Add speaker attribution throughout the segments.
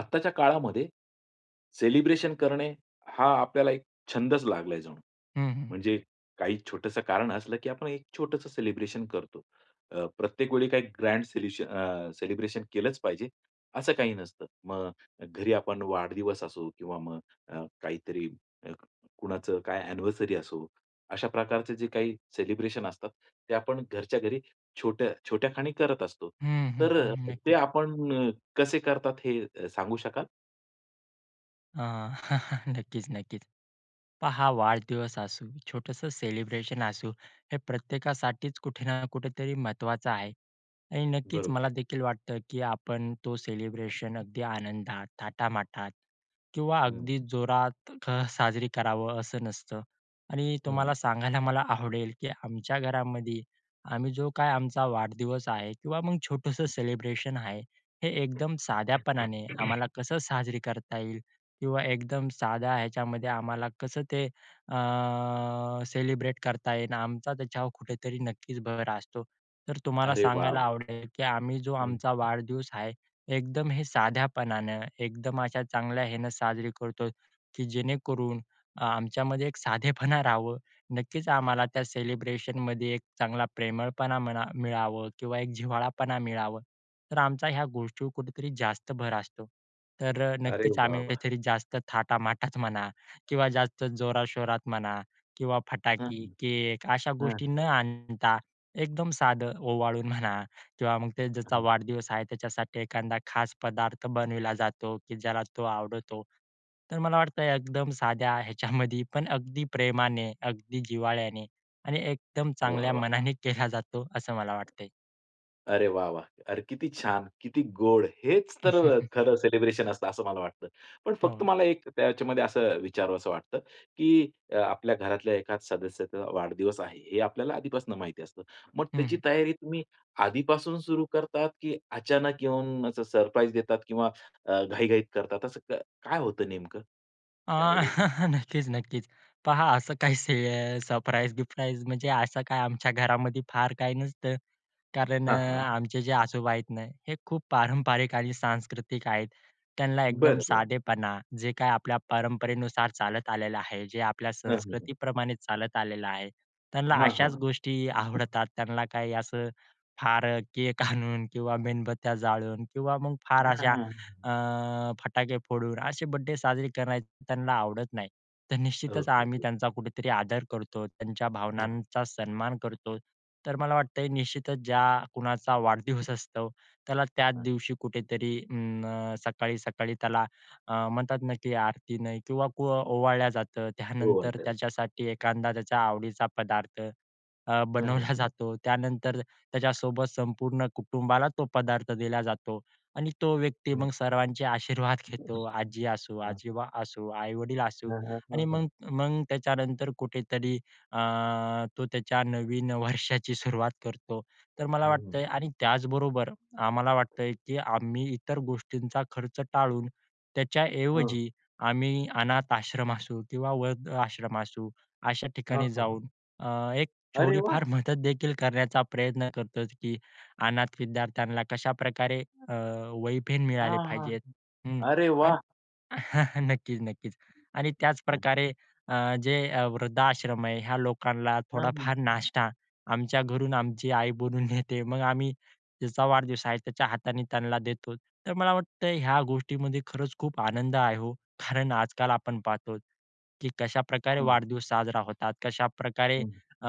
Speaker 1: आत्ताच्या काळामध्ये, सेलिब्रेशन करणे हा आपल्याला एक छंदचं लागला जणू.
Speaker 2: हं, हं.
Speaker 1: म्हणजे काही छोटंसं कारण असलं, की आपण एक छोटंसं सेलिब्रेशन करतो. अ, प्रत्येक वेळी काही ग्रँड सेल्युशन अ, सेलिब्रेशन केलंच पाहिजे, असं काही नसतं. मग घरी आपण वाढदिवस असो किंवा मग अ, काहीतरी अ, कुणाचं काय? अँनिव्हर्सरी असो, अशा प्रकारचे जे काही सेलिब्रेशन असतात. ते आपण घरच्या घरी छोट्या छोट्या खाणी करत असतो.
Speaker 2: हं, हं,
Speaker 1: तर अ,
Speaker 2: हं.
Speaker 1: ते
Speaker 2: नक्कीचं.
Speaker 1: आपणं कसे करतात हे अ, सांगू शकाल?
Speaker 2: अ, नक्कीचं, नक्कीचं. पहा वाढदिवस असू, छोटंसं सेलिब्रेशन असू. हे प्रत्येकासाठीचं कुठे ना कुठेतरी महत्त्वाचा आहे आणि नक्कीचं
Speaker 1: बरोबर.
Speaker 2: मला देखील वाटतं की आपण तो सेलिब्रेशन अगदी आनंदात, थाटामाटात किंवा
Speaker 1: हं.
Speaker 2: अगदी जोरात क साजरी करावं असं नसतं. आणि
Speaker 1: हं.
Speaker 2: तुम्हाला सांगायला मला आवडेल की आमच्या घरामध्ये आम्ही जो काय आमचा वाढदिवस आहे किंवा मग छोटंसं
Speaker 1: हं.
Speaker 2: सेलिब्रेशन आहे, हे एकदम साध्यापणाने आम्हाला कसं साजरी करता येईल? किंवा एकदम साध्या ह्याच्यामध्ये आम्हाला कसं ते अ, सेलिब्रेट करता येणार? आमचा त्याच्यावर कुठेतरी नक्कीचं भर असतो. तर तुम्हाला
Speaker 1: अरे
Speaker 2: सांगायला
Speaker 1: वॉव!
Speaker 2: आवडेल की आम्ही जो
Speaker 1: हं.
Speaker 2: आमचा वाढदिवस आहे. एकदम हे साध्यापणानं, एकदम अशा चांगल्या ह्यानं साजरी करतो की जेणेकरून अ, आमच्यामध्ये एक साधेपणा राहावं. नक्कीचं आम्हाला त्या सेलिब्रेशनमध्ये एक चांगला प्रेमळपणा म्हणा मिळावं किंवा एक जिव्हाळापणा मिळावं. तर आमचा ह्या गोष्टीवर कुठेतरी जास्त भर असतो. तर
Speaker 1: अरे
Speaker 2: नक्कीचं आम्ही
Speaker 1: वाह! वाह!
Speaker 2: काहीतरी जास्त थाटामाटात म्हणा किंवा जास्त जोराशोरात म्हणा किंवा
Speaker 1: हं,
Speaker 2: फटाके, केक अशा गोष्टी
Speaker 1: हं.
Speaker 2: न आणता एकदम साधं ओवाळून म्हणा किंवा मग ते ज्याचा
Speaker 1: हं.
Speaker 2: वाढदिवस आहे त्याच्यासाठी एखादा खास पदार्थ बनवला जातो की ज्याला तो आवडतो. तर मला वाटतं एकदम साध्या ह्याच्यामध्ये पण अगदी प्रेमाने, अगदी जिव्हाळ्याने आणि एकदम
Speaker 1: वाह!
Speaker 2: चांगल्या
Speaker 1: वाह! वाह!
Speaker 2: मनाने केला जातो, असं मला वाटतंय.
Speaker 1: अरे वाह! वाह! अरे, किती छान! किती गोड! हेचं तर खरं सेलिब्रेशन असतं असं मला वाटतं. पण फक्त
Speaker 2: हो.
Speaker 1: मला एक त्याच्यामध्ये असं अ, विचारावसं वाटतं की आपल्या अ, घरातल्या एकाचं सदस्याचा वाढदिवस आहे, हे आपल्याला आधीपासून माहिती असतं. मग
Speaker 2: हं,
Speaker 1: त्याची
Speaker 2: हं.
Speaker 1: तयारी तुम्ही आधीपासून सुरू करतात की अचानक येऊन, असं सरप्राईज देतात किंवा अ, घाईघाईत करतात. तसं क काय होतं नेमकं?
Speaker 2: अ,
Speaker 1: त्यामध्ये.
Speaker 2: नक्कीचं, नक्कीचं. पहा असं काही से सरप्राईज-बिप्राईज, म्हणजे असं काय आमच्या घरामध्ये फार काही नसतं. कारण अ,
Speaker 1: हां, हां.
Speaker 2: आमचे जे आजोबा आहेत ना, हे खूप पारंपरिक आणि सांस्कृतिक आहेत. त्यांना एकदम
Speaker 1: बरं, बरं.
Speaker 2: साधेपणा, जे काही आपल्या परंपरेनुसार चालत आलेलं आहे, जे आपल्या
Speaker 1: हं, हं, हं.
Speaker 2: संस्कृतीप्रमाणे चालत आलेलं आहे, त्यांना
Speaker 1: हां, हां.
Speaker 2: अशाचं गोष्टी आवडतात. त्यांना काही असं फार केक आणून किंवा मेणबत्त्या जाळून किंवा मग फार
Speaker 1: हां,
Speaker 2: अशा
Speaker 1: हां.
Speaker 2: अ, फटाके फोडून, असे बर्थडे साजरे करण्याचं, त्यांना आवडत नाही. तर निश्चितचं
Speaker 1: ओके,
Speaker 2: आम्ही
Speaker 1: ओके.
Speaker 2: त्यांचा कुठेतरी आदर करतो, त्यांच्या
Speaker 1: हां.
Speaker 2: भावनांचा सन्मान करतो. तर मला वाटतंय निश्चितचं ज्या कुणाचा वाढदिवस असतो. त्याला त्याच
Speaker 1: हां.
Speaker 2: दिवशी कुठेतरी अं, सकाळी-सकाळी त्याला अ, म्हणतात ना की आरतीनं किंवा कु ओवाळल्या जातं.
Speaker 1: हो.
Speaker 2: त्यानंतर
Speaker 1: [unintelligible]
Speaker 2: त्याच्यासाठी एखादा त्याच्या आवडीचा पदार्थ अ,
Speaker 1: हं, हं.
Speaker 2: बनवला जातो. त्यानंतर त्याच्यासोबत संपूर्ण कुटुंबाला तो पदार्थ दिला जातो आणि तो व्यक्ती
Speaker 1: हं.
Speaker 2: मग सर्वांचे आशीर्वाद घेतो. आजी असू,
Speaker 1: हां.
Speaker 2: आजोबा असू, आई-वडील असू
Speaker 1: हां, हां,
Speaker 2: आणि
Speaker 1: हां, हां.
Speaker 2: मग मग त्याच्यानंतर कुठेतरी अ, तो त्याच्या नवीन वर्षाची सुरुवात करतो. तर मला
Speaker 1: हं, हं.
Speaker 2: वाटतंय आणि त्याचबरोबर आम्हाला वाटतंय की आम्ही इतर गोष्टींचा खर्च टाळून,
Speaker 1: हां.
Speaker 2: त्याच्याऐवजी आम्ही अनाथ आश्रम असू किंवा वृद्ध आश्रम असू, अशा
Speaker 1: हां,
Speaker 2: ठिकाणी
Speaker 1: हां, हां.
Speaker 2: जाऊन अ, एक
Speaker 1: अरे
Speaker 2: थोडी
Speaker 1: वाह!
Speaker 2: फार मदत देखील करण्याचा प्रयत्न करतो की अनाथ विद्यार्थ्यांना कशाप्रकारे अ, वही-पेन मिळाले
Speaker 1: हां, हां.
Speaker 2: पाहिजेत हं
Speaker 1: अरे
Speaker 2: आणि
Speaker 1: वाह!
Speaker 2: नक्कीचं, नक्कीचं आणि
Speaker 1: हं.
Speaker 2: त्याचप्रकारे अ, जे अ, वृद्धाश्रम आहे ह्या लोकांना
Speaker 1: हं, हं.
Speaker 2: थोडाफार नाष्टा आमच्या घरून आमची आई बोलवून देते. मग आम्ही ज्याचा वाढदिवस आहे, त्याच्या हाताने त्यांना देतो. तर मला वाटतं ह्या गोष्टीमध्ये खरंच खूप आनंद आहे हो. कारण आजकाल आपण पाहतो की कशाप्रकारे
Speaker 1: हं.
Speaker 2: वाढदिवस साजरा होतात, कशाप्रकारे
Speaker 1: हं.
Speaker 2: अ,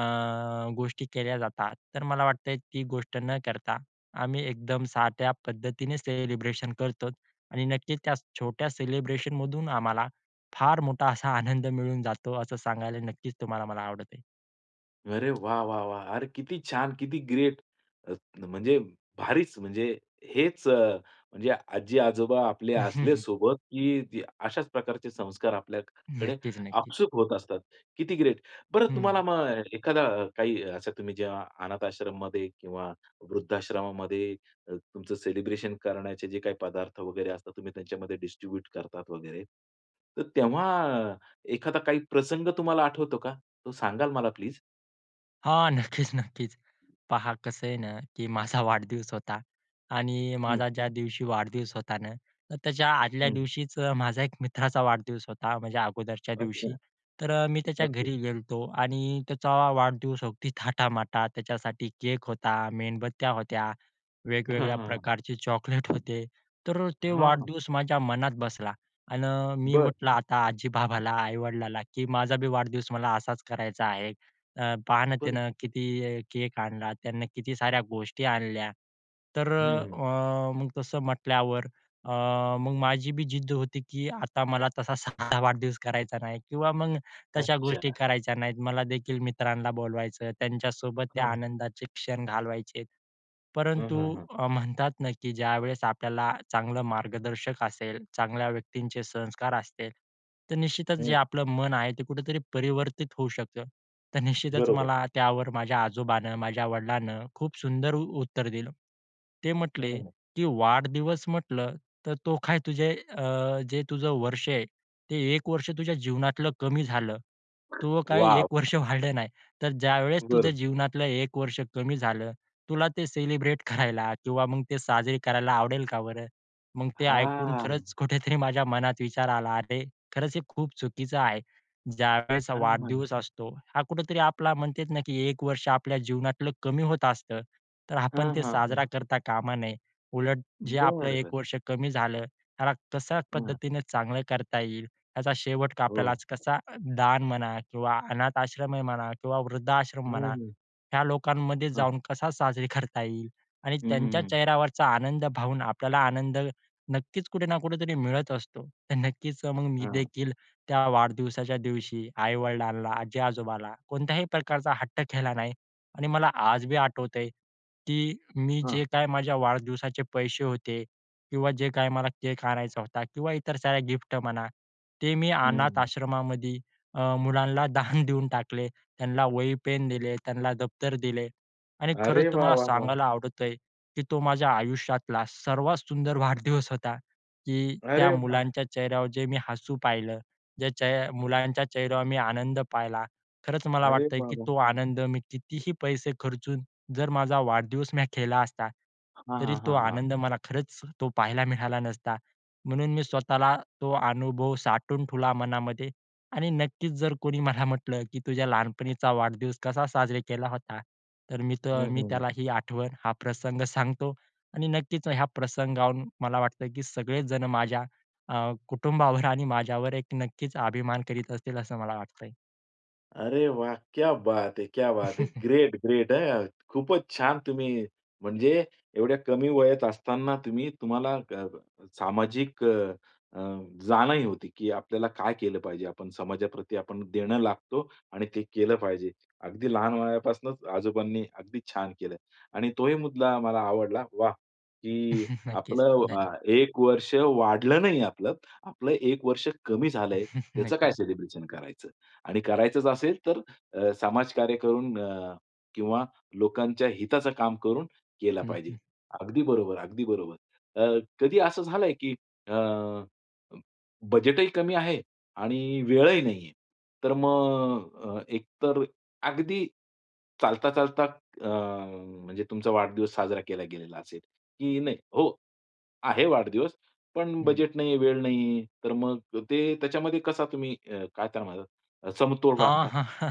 Speaker 2: गोष्टी केल्या जातात. तर मला वाटतंय, ती गोष्ट न करता आम्ही एकदम साध्या पद्धतीने सेलिब्रेशन करतोचं आणि नक्कीचं त्या छोट्या सेलिब्रेशनमधून आम्हाला फार मोठा असा आनंद मिळून जातो, असं सांगायला नक्कीचं तुम्हाला मला आवडत आहे.
Speaker 1: अरे, वाह, वाह, वाह! अरे किती छान! किती ग्रेट! अ, त म्हणजे भारीच. म्हणजे हेच अ, म्हणजे आजी-आजोबा आपले असले सोबत, की अशाच प्रकारचे संस्कार आपल्याकडे
Speaker 2: नक्कीच, नक्कीच.
Speaker 1: आपसूक होत असतात. किती ग्रेट! बरं तुम्हाला
Speaker 2: हं.
Speaker 1: मग एखादा काही अशा तुम्ही जेव्हा अनाथ आश्रमामध्ये किंवा वृद्धाश्रमामध्ये अ, तुमचं सेलिब्रेशन करण्याचे जे काही पदार्थ वगैरे असतात, तुम्ही त्यांच्यामध्ये डिस्ट्रिब्यूट करतात वगैरे. तर तेव्हा एखादा काही प्रसंग तुम्हाला आठवतो का? तो सांगाल मला प्लीज?
Speaker 2: हां, नक्कीच, नक्कीच. पहा, कसं आहे ना की माझा वाढदिवस होता. आणि
Speaker 1: हं.
Speaker 2: माझा ज्या दिवशी वाढदिवस होता ना, तर त्याच्या आदल्या
Speaker 1: हं.
Speaker 2: दिवशीच अ, माझ्या एक मित्राचा वाढदिवस होता, माझ्या अगोदरच्या
Speaker 1: अच्छा.
Speaker 2: दिवशी. तर अ, मी त्याच्या
Speaker 1: ओके.
Speaker 2: घरी गेलो होतो आणि त्याचा वाढदिवस अगदी थाटामाटात. त्याच्यासाठी केक होता, मेणबत्त्या होत्या,
Speaker 1: हां, हां,
Speaker 2: वेगवेगळ्या
Speaker 1: हां.
Speaker 2: प्रकारचे चॉकलेट होते. तर तो
Speaker 1: हां.
Speaker 2: वाढदिवस माझ्या मनात बसला. अन अ, मी
Speaker 1: बरं.
Speaker 2: म्हटलं आता आजी-बाबाला, आई-वडिलाला की "माझा बी, वाढदिवस मला असाच करायचा आहे, अं, पहा ना,
Speaker 1: बरं.
Speaker 2: त्यानं किती केक आणला त्यानं, किती साऱ्या गोष्टी आणल्या." तर अ,
Speaker 1: हं.
Speaker 2: अं, मग तसं म्हटल्यावर अ, मग माझी बी जिद्द होती की आता मला तसा साधा वाढदिवस करायचा नाही किंवा मग तशा गोष्टी
Speaker 1: अच्छा.
Speaker 2: करायच्या नाहीत. मला देखील मित्रांना बोलवायचं. त्यांच्यासोबत त्या
Speaker 1: हां, हां.
Speaker 2: आनंदाचे क्षण घालवायचेत.
Speaker 1: हां,
Speaker 2: परंतु
Speaker 1: हां, हां.
Speaker 2: अ, म्हणतात ना की ज्यावेळेस आपल्याला चांगला मार्गदर्शक असेल, चांगल्या व्यक्तींचे संस्कार असतील, तर निश्चितच जे
Speaker 1: हं.
Speaker 2: आपलं मन आहे, ते कुठेतरी परावर्तित होऊ शकतं. तर निश्चितच
Speaker 1: बरोबर.
Speaker 2: मला त्यावर माझ्या आजोबांनी, माझ्या वडिलांनी खूप सुंदर उ उत्तर दिलं. ते म्हटले
Speaker 1: हं.
Speaker 2: की "वाढदिवस म्हटलं तर तो काय तुझे अ, जे तुझं वर्ष आहे, ते 1 वर्ष तुझ्या जीवनातलं कमी झालं. तूझं काय एक
Speaker 1: वाह!
Speaker 2: वर्ष वाढलं नाही. तर ज्यावेळेस तुझ्या
Speaker 1: बरं.
Speaker 2: जीवनातलं 1 वर्ष कमी झालं, तुला ते सेलिब्रेट करायला किंवा मग ते साजरे करायला आवडेल का बरं?" मंग ते ऐकून
Speaker 1: हां.
Speaker 2: खरंच कुठेतरी माझ्या मनात विचार आला, "अरे! खरंच हे खूप चुकीचं आहे," ज्यावेळेस
Speaker 1: अ, हां.
Speaker 2: वाढदिवस असतो, हा कुठेतरी आपला म्हणतेत ना की 1 वर्ष आपल्या जीवनातलं कमी होत आसतं. तर आपण
Speaker 1: हां,
Speaker 2: ते
Speaker 1: हां, हां.
Speaker 2: साजरा करता कामा नये. उलट
Speaker 1: बरं,
Speaker 2: जे आपलं 1
Speaker 1: बरं.
Speaker 2: वर्ष कमी झालं, त्याला कशा
Speaker 1: हं.
Speaker 2: पद्धतीने चांगलं करता येईल याचा शेवट का आपल्याला
Speaker 1: हो.
Speaker 2: कसा दान म्हणा किंवा अनाथ आश्रम आहे म्हणा किंवा वृद्धाश्रम
Speaker 1: हं,
Speaker 2: म्हणा,
Speaker 1: हं.
Speaker 2: ह्या लोकांमध्ये
Speaker 1: हां.
Speaker 2: जाऊन कसा साजरा करता येईल आणि
Speaker 1: हं,
Speaker 2: त्यांच्या
Speaker 1: हं, हं.
Speaker 2: चेहऱ्यावरचा आनंद पाहून आपल्याला आनंद नक्कीच कुठे ना कुठेतरी मिळत असतो. तर नक्कीच मग मी
Speaker 1: हां.
Speaker 2: देखील त्या वाढदिवसाच्या दिवशी आई-वडिलांला, आजी-आजोबाला कोणत्याही प्रकारचा हट्ट केला नाही आणि मला आज बी आठवतंय की मी जे
Speaker 1: हां.
Speaker 2: काही माझ्या वाढदिवसाचे पैसे होते किंवा जे काही मला केक आणायचा होता किंवा इतर साऱ्या गिफ्ट म्हणा, ते मी
Speaker 1: हं,
Speaker 2: अनाथ
Speaker 1: हं.
Speaker 2: आश्रमामध्ये अ, मुलांला दान देऊन टाकले. त्यांला वही पेन दिले. त्यांला दफ्तर दिले. आणि खरंच
Speaker 1: अरे वाह,
Speaker 2: तुम्हाला
Speaker 1: वाह, वाह!
Speaker 2: सांगायला आवडतंय की तो माझ्या आयुष्यातला सर्वात सुंदर वाढदिवस होता, की त्या
Speaker 1: अरे वा!
Speaker 2: मुलांच्या चेहऱ्यावर जे मी हसू पाहिलं, जे चे मुलांच्या चेहऱ्यावर मी आनंद पाहिला. खरंच मला
Speaker 1: अरे
Speaker 2: वाटतंय
Speaker 1: वा,
Speaker 2: की
Speaker 1: वा!
Speaker 2: तो आनंद मी कितीही पैसे खर्चून जर माझा वाढदिवस मी केला असता,
Speaker 1: हां,
Speaker 2: तरी
Speaker 1: हां,
Speaker 2: तो
Speaker 1: हां, हां.
Speaker 2: आनंद मला खरंच तो पाहायला मिळाला नसता. म्हणून मी स्वतःला तो अनुभव साठवून ठेवला मनामध्ये आणि नक्कीच जर कोणी मला म्हटलं की तुझ्या लहानपणीचा वाढदिवस कसा साजरा केला होता, तर मी तर
Speaker 1: हं,
Speaker 2: मी तो
Speaker 1: हं, हं.
Speaker 2: त्याला ही आठवण, हा प्रसंग सांगतो आणि नक्कीच ह्या प्रसंगाहून मला वाटतं की सगळे जण माझ्या अ, कुटुंबावर आणि माझ्यावर एक नक्कीच अभिमान करीत असतील, असं मला वाटतंय.
Speaker 1: अरे वाह! क्या बात है! क्या बात है! ग्रेट, ग्रेट हं! खूपच छान तुम्ही म्हणजे एवढ्या कमी वयात असताना तुम्ही तुम्हाला अ, सामाजिक अ, अ, जाणही होती की आपल्याला काय केलं पाहिजे, आपण समाजाप्रती आपण देणं लागतो आणि ते केलं पाहिजे. अगदी लहान वयापासनंच आजोबांनी अगदी छान केलं आणि तोही मुद्दा मला आवडला, वाह! की
Speaker 2: नक्कीच
Speaker 1: आपलं अ,
Speaker 2: धन
Speaker 1: एक वर्ष वाढलं नाही आपलं. आपलं एक वर्ष कमी झालंय, त्याचं काय
Speaker 2: नक्कीच.
Speaker 1: सेलिब्रेशन करायचं? आणि करायचंच असेल तर अ, समाजकार्य करून अ, किंवा लोकांच्या हिताचं काम करून केलं
Speaker 2: हं,
Speaker 1: पाहिजे.
Speaker 2: हं.
Speaker 1: अगदी बरोबर, अगदी बरोबर. अ, कधी असं झालंय की अ, बजेटही कमी आहे आणि वेळही नाही आहे. तर मग अ, एक तर अगदी चालता-चालता, अ, म्हणजे तुमचा वाढदिवस साजरा केला गेलेला असेल की नाही, हो, आहे वाढदिवस, पण
Speaker 2: हं.
Speaker 1: बजेट नाही, वेळ नाहीये, तर मग ते त्याच्यामध्ये कसा तुम्ही अ, काय त्यामध्ये अ, समतोल
Speaker 2: आ,
Speaker 1: राखता?
Speaker 2: हां, हां.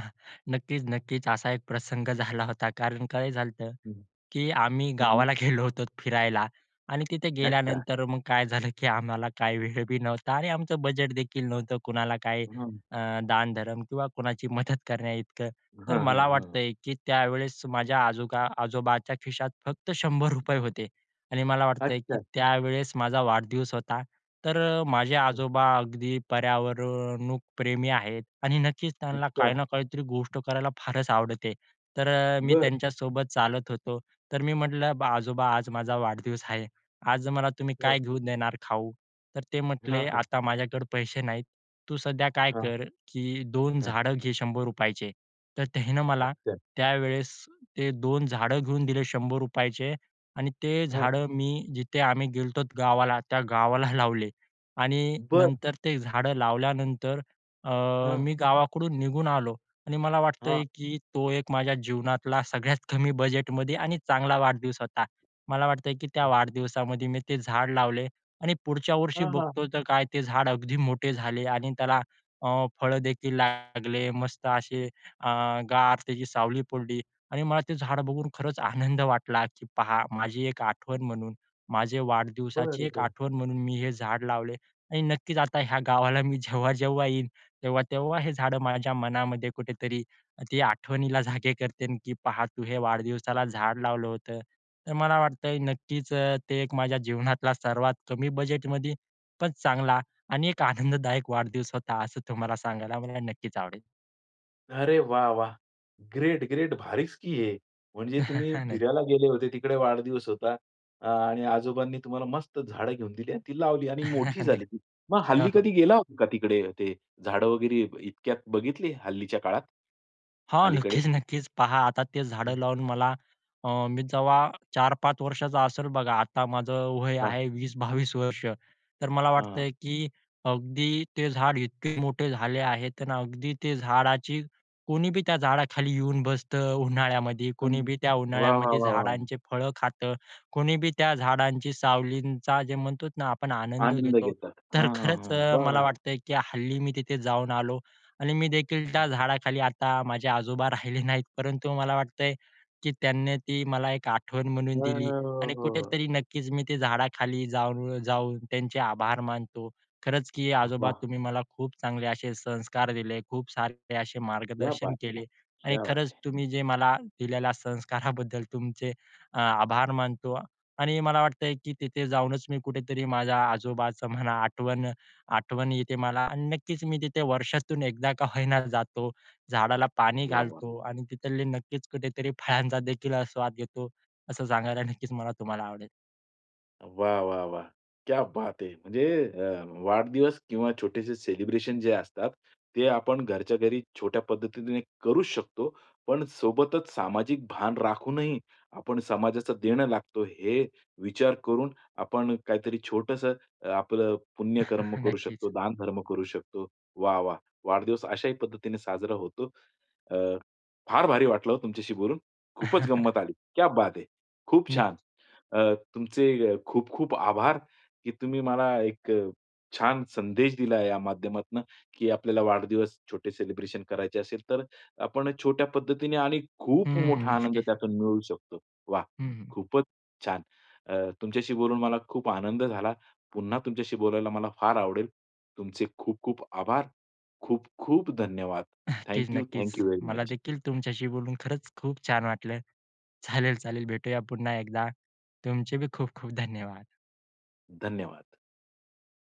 Speaker 2: नक्कीच नक्कीच. असा एक प्रसंग झाला होता कारण काय झालंत
Speaker 1: हं.
Speaker 2: की आम्ही
Speaker 1: हं, हं.
Speaker 2: गावाला गेलो होतो, फिरायला आणि तिथे
Speaker 1: अच्छा.
Speaker 2: गेल्यानंतर मग काय झालं की आम्हाला काय वेळ बी नव्हता आणि आमचं बजेट देखील नव्हतं. कुणाला काही,
Speaker 1: हं, हं.
Speaker 2: अ, दानधर्म किंवा कोणाची मदत करण्याइतकं. तर
Speaker 1: हां, हां,
Speaker 2: मला
Speaker 1: हां.
Speaker 2: वाटतंय की त्यावेळेस माझ्या आजोगा आजोबाच्या खिशात फक्त 100 रुपये होते. आणि मला वाटतंय की
Speaker 1: अच्छा.
Speaker 2: त्यावेळेस माझा वाढदिवस होता. तर अ, माझे
Speaker 1: हं.
Speaker 2: आजोबा अगदी पर्यावरण प्रेमी आहेत. आणि नक्कीच त्यांना काही
Speaker 1: अच्छा.
Speaker 2: ना काहीतरी गोष्ट करायला फारच आवडते. तर अ, मी
Speaker 1: बरं.
Speaker 2: त्यांच्यासोबत चालत होतो. तर मी म्हटलं, "बा आजोबा आज माझा वाढदिवस आहे. आज मला तुम्ही
Speaker 1: हां.
Speaker 2: काय घेऊन देणार खाऊ?" तर ते
Speaker 1: हां,
Speaker 2: म्हटले,
Speaker 1: हां.
Speaker 2: "आता माझ्याकडे पैसे नाहीत. तू सध्या काय
Speaker 1: हां.
Speaker 2: कर की 2
Speaker 1: हां.
Speaker 2: झाडं घे शंभर रुपयाचे तर त्यांनी मला
Speaker 1: अच्छा.
Speaker 2: त्यावेळेस ते 2 झाडं घेऊन दिले ₹100 शंभर रुपयाचे आणि ते
Speaker 1: हां.
Speaker 2: झाडं मी जिथे आम्ही गेलो होतो गावाला, त्या गावाला लावले आणि
Speaker 1: बरं.
Speaker 2: नंतर ते झाडं लावल्यानंतर अ,
Speaker 1: हां.
Speaker 2: मी गावाकडून निघून आलो. आणि मला वाटतंय
Speaker 1: हां.
Speaker 2: की तो एक माझ्या जीवनातला सगळ्यात कमी बजेटमध्ये आणि चांगला वाढदिवस होता. मला वाटतंय की त्या
Speaker 1: हं.
Speaker 2: वाढदिवसामध्ये मी ते झाड लावले आणि पुढच्या वर्षी
Speaker 1: हां, हां.
Speaker 2: बघतो तर काय ते झाड अगदी मोठे झाले आणि त्याला अ, फळं देखील लागले मस्त असे अ, गार त्याची सावली पडली आणि मला ते झाड बघून खरंच आनंद वाटला की "पहा माझी एक आठवण म्हणून, माझे वाढदिवसाची
Speaker 1: बरं,
Speaker 2: एक
Speaker 1: बरं.
Speaker 2: आठवण म्हणून मी हे झाड लावले आणि नक्कीच आता ह्या गावाला मी जेव्हा-जेव्हा येईन, तेव्हा-तेव्हा हे झाडं माझ्या मनामध्ये कुठेतरी ते आठवणीला जागे करतील की 'पहा तू हे वाढदिवसाला झाड लावलं होतं.'" तर मला वाटतंय नक्कीच अ, ते एक माझ्या जीवनातला सर्वात कमी बजेटमध्ये पण चांगला आणि एक आनंददायक वाढदिवस होता असं तुम्हाला सांगायला मला नक्कीच आवडेल.
Speaker 1: अरे, वाह! वाह! ग्रेट, ग्रेट भारीच की हे. म्हणजे तुम्ही
Speaker 2: हां, नक्की.
Speaker 1: फिरायला गेले होते, तिकडे वाढदिवस होता. अ आणि आजोबांनी तुम्हाला मस्त झाडं घेऊन दिली, आणि ती लावली, आणि मोठी
Speaker 2: नाही.
Speaker 1: झाली ती. मग
Speaker 2: हो,
Speaker 1: हल्ली कधी
Speaker 2: हो.
Speaker 1: गेला होता का तिकडे? ते झाडं वगैरे इतक्यात बघितली हल्लीच्या काळात?
Speaker 2: हो,
Speaker 1: अलीकडे.
Speaker 2: नक्कीच, नक्कीच. पहा आता ते
Speaker 1: हं.
Speaker 2: झाडं लावून मला अ, मी जेव्हा 4-5 वर्षाचा असेल बघा. आता माझं वय
Speaker 1: हां.
Speaker 2: आहे 20-22 वर्ष, तर मला
Speaker 1: हां.
Speaker 2: वाटतं की अगदी ते झाड इतके मोठे झाले आहेत तर अगदी ते झाडाची कोणीबी त्या झाडाखाली येऊन बसतं, उन्हाळ्यामध्ये
Speaker 1: हं.
Speaker 2: कोणीबी त्या
Speaker 1: वाह! वाह!
Speaker 2: उन्हाळ्यामध्ये
Speaker 1: वाह! वाह!
Speaker 2: झाडांचे फळं खातं, कोणीबी त्या झाडांच्या सावलींचा जे म्हणतो ना, आपण आनंद
Speaker 1: आनंद
Speaker 2: घेतो.
Speaker 1: घेतात.
Speaker 2: तर
Speaker 1: हां, हां,
Speaker 2: खरंच
Speaker 1: हां,
Speaker 2: अ,
Speaker 1: वाह!
Speaker 2: मला
Speaker 1: वाह!
Speaker 2: वाटतं की हल्ली मी तिथे जाऊन आलो आणि मी देखील
Speaker 1: हं.
Speaker 2: त्या झाडाखाली. आता माझे आजोबा राहिले नाहीत, परंतु मला वाटतंय की त्यांनी ती मला एक आठवण
Speaker 1: हं,
Speaker 2: म्हणून
Speaker 1: हं,
Speaker 2: दिली
Speaker 1: हं. हो,
Speaker 2: आणि
Speaker 1: हो.
Speaker 2: कुठेतरी नक्कीच मी ते झाडाखाली जाऊन जाऊन त्यांचे आभार मानतो. खरंच की
Speaker 1: अ,
Speaker 2: आजोबा,
Speaker 1: वाह!
Speaker 2: "तुम्ही मला खूप चांगले असे संस्कार दिले. खूप सारे असे
Speaker 1: क्या
Speaker 2: मार्गदर्शन
Speaker 1: बात है
Speaker 2: केले आणि
Speaker 1: क्या बात
Speaker 2: खरंच
Speaker 1: है.
Speaker 2: तुम्ही जे मला दिलेल्या संस्काराबद्दल तुमचे अ, आभार मानतो." आणि मला वाटतं की तिथे जाऊनच मी कुठेतरी माझ्या आजोबाचं म्हणा आठवण आठवण येते मला आणि नक्कीच मी तिथे वर्षातून 1 का होईना जातो, झाडाला पाणी
Speaker 1: वाह, वाह
Speaker 2: घालतो आणि तिथले नक्कीच कुठेतरी फळांचा देखील स्वाद घेतो. असं सांगायला नक्कीच मला तुम्हाला आवडेल.
Speaker 1: वाह, वाह, वाह! क्या बात है. म्हणजे अ, वाढदिवस किंवा छोटेसे सेलिब्रेशन जे असतात ते आपण घरच्या घरी छोट्या पद्धतीने करूच शकतो. पण, सोबतच सामाजिक भान राखूनही आपण समाजाचं देणं लागतो, हे विचार करून आपण काहीतरी छोटंसं अ, आपलं पुण्यकर्म करू
Speaker 2: नक्कीच.
Speaker 1: शकतो, दानधर्म करू शकतो. वाह, वाह! वाढदिवस अशाही पद्धतीने साजरा होतो. अ, फार भारी वाटलं हो, तुमच्याशी बोलून, खूपच गंमत आली. क्या बात है. खूप
Speaker 2: नक्की.
Speaker 1: छान. अ, तुमचे खूप खूप आभार, की तुम्ही मला एक अ, छान संदेश दिला या माध्यमातनं, की आपल्याला वाढदिवस छोटे सेलिब्रेशन करायचे असेल, तर अ, आपण छोट्या पद्धतीने आणि
Speaker 2: हं,
Speaker 1: खूप
Speaker 2: हं,
Speaker 1: मोठा आनंद
Speaker 2: नक्कीच.
Speaker 1: त्यातून मिळू शकतो. वाह!
Speaker 2: हं, हं.
Speaker 1: खूपच छान. अ, तुमच्याशी बोलून मला खूप आनंद झाला. पुन्हा तुमच्याशी बोलायला मला फार आवडेल. तुमचे खूप खूप आभार. खूप खूप धन्यवाद.
Speaker 2: नक्कीच,
Speaker 1: थँक यू,
Speaker 2: नक्कीच.
Speaker 1: थँक यू व्हेरी
Speaker 2: मला
Speaker 1: मच.
Speaker 2: देखील तुमच्याशी बोलून खरंच खूप छान वाटलं. चालेल, चालेल भेटूया पुन्हा एकदा. तुमचे पण खूप खूप धन्यवाद.
Speaker 1: धन्यवाद.